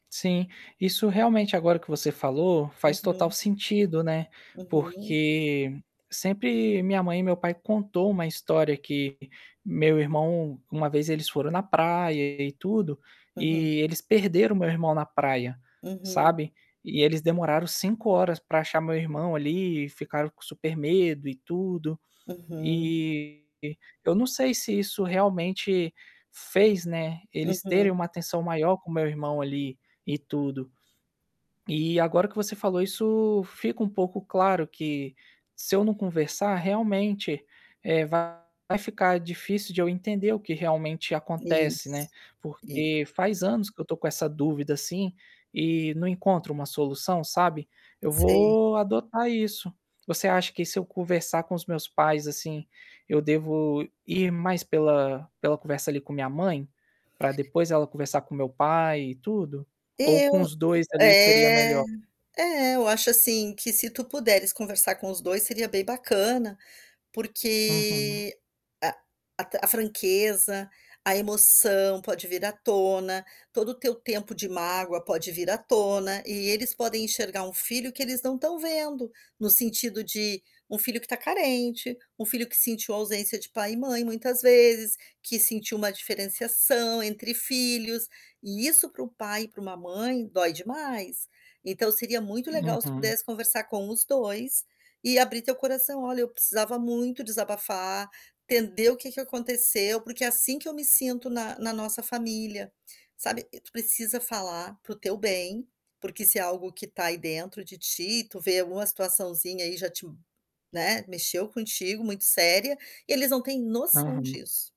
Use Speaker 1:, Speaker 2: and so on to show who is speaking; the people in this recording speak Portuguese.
Speaker 1: Sim, isso realmente, agora que você falou, faz total
Speaker 2: Aham.
Speaker 1: sentido, né,
Speaker 2: Aham.
Speaker 1: porque sempre minha mãe e meu pai contou uma história que meu irmão, uma vez eles foram na praia e tudo,
Speaker 2: Aham.
Speaker 1: e eles perderam meu irmão na praia,
Speaker 2: Uhum.
Speaker 1: sabe, e eles demoraram 5 horas para achar meu irmão ali e ficaram com super medo e tudo.
Speaker 2: Aham.
Speaker 1: Eh, eu não sei se isso realmente fez, né, eles terem
Speaker 2: Aham.
Speaker 1: uma atenção maior com meu irmão ali, em tudo. E agora que você falou isso, fica um pouco claro que, se eu não conversar realmente, eh, vai ficar difícil de eu entender o que realmente acontece, né,
Speaker 2: Isso. Isso
Speaker 1: porque faz anos que eu estou com essa dúvida, assim, e não encontro uma solução, sabe? Eu
Speaker 2: Sei.
Speaker 1: vou adotar isso. Você acha que se eu conversar com os meus pais, assim, eu devo ir mais pela pela conversa ali com minha mãe? Para depois ela conversar com meu pai e tudo? Ou com
Speaker 2: Eu
Speaker 1: os 2,
Speaker 2: ah,
Speaker 1: ali, seria
Speaker 2: é.
Speaker 1: melhor?
Speaker 2: É, eu acho, assim, que se tu puderes conversar com os 2 seria bem bacana,
Speaker 1: Uhum.
Speaker 2: porque, a a ta franqueza, a emoção pode vir à tona, todo o seu tempo de mágoa pode vir à tona, e eles podem enxergar um filho que eles não estão vendo, no sentido de um filho que tá carente, um filho que sentiu ausência de pai e mãe muitas vezes, que sentiu uma diferenciação entre filhos e isso para um pai e para uma mãe, dói demais. Então, seria muito legal se tu
Speaker 1: Uhum.
Speaker 2: pudesse conversar com os 2, e abrir teu coração: "Olha, eu precisava muito desabafar, entender o que é que aconteceu, porque é assim que eu me sinto na na nossa família, sabe". Tu precisa falar para o teu bem, porque se é algo que tá aí dentro de ti, tu vê alguma situaçãozinha aí já te, hum, né, mexeu contigo, muito séria, eles não têm noção
Speaker 1: Aham.
Speaker 2: disso.